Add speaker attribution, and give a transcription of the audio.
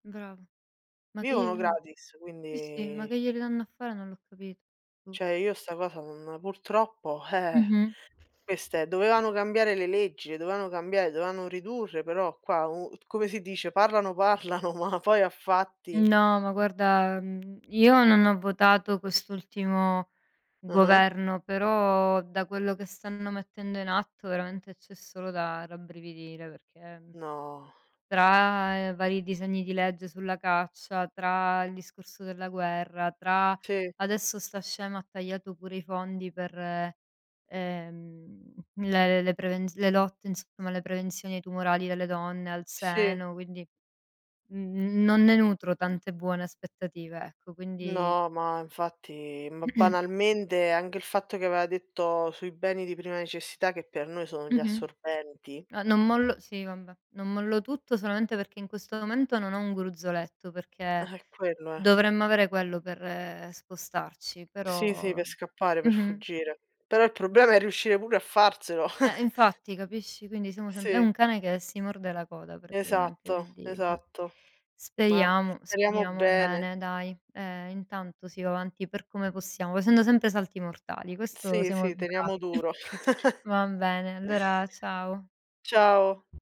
Speaker 1: Brava. Ma che
Speaker 2: Vivono
Speaker 1: glieli [unintelligible]
Speaker 2: gratis,
Speaker 1: sì, sì, ma
Speaker 2: quindi
Speaker 1: che glieli danno a fare, non l'ho capito, boh.
Speaker 2: Cioè, io 'sta cosa non ma purtroppo, eh,
Speaker 1: Mh-mh.
Speaker 2: queste dovevano cambiare le leggi, le dovevano cambiare, dovevano ridurre, però qua u t come si dice, parlano, parlano ma poi a fatti
Speaker 1: No, ma guarda, mhmm, io non ho votato quest'ultimo
Speaker 2: Ah-ah.
Speaker 1: governo, però da quello che stanno mettendo in atto, veramente, c'è solo da rabbrividire, perché, mhmm,
Speaker 2: No.
Speaker 1: tra vari disegni di legge sulla caccia, tra il discorso della guerra, tra
Speaker 2: Sì.
Speaker 1: adesso 'sta scema ha tagliato pure i fondi per, ehm, le le le prevenz le lotte, insomma, le prevenzioni tumorali delle donne al
Speaker 2: Sì.
Speaker 1: seno. Quindi, mhmm, non ne nutro tante buone aspettative, ecco. Quindi
Speaker 2: No, ma, infatti ma banalmente, anche il fatto che aveva detto sui beni di prima necessità, che per noi sono gli
Speaker 1: Mh-mh.
Speaker 2: assorbenti.
Speaker 1: A non mollo sì, vabbè! Non mollo tutto solamente perché in questo momento non ho un gruzzoletto, perché
Speaker 2: Eh, quello è.
Speaker 1: dovremmo avere quello per spostarci,
Speaker 2: Sì, sì
Speaker 1: però
Speaker 2: per scappare, per
Speaker 1: mh-mh.
Speaker 2: fuggire. Però, il problema è riuscire pure a farselo.
Speaker 1: Eh, infatti, capisci, quindi siamo sem è
Speaker 2: Sì.
Speaker 1: un cane che si morde la coda praticamente,
Speaker 2: Esatto,
Speaker 1: quindi, boh!
Speaker 2: esatto. Mah,
Speaker 1: Speriamo,
Speaker 2: speriamo
Speaker 1: speriamo
Speaker 2: bene!
Speaker 1: bene dai! Ehm, intanto si va avanti per come possiamo, facendo sempre salti mortali! Questo
Speaker 2: Sì,
Speaker 1: siamo
Speaker 2: sì, teniamo
Speaker 1: bravi.
Speaker 2: duro!
Speaker 1: Va bene, allora ciao!
Speaker 2: Ciao!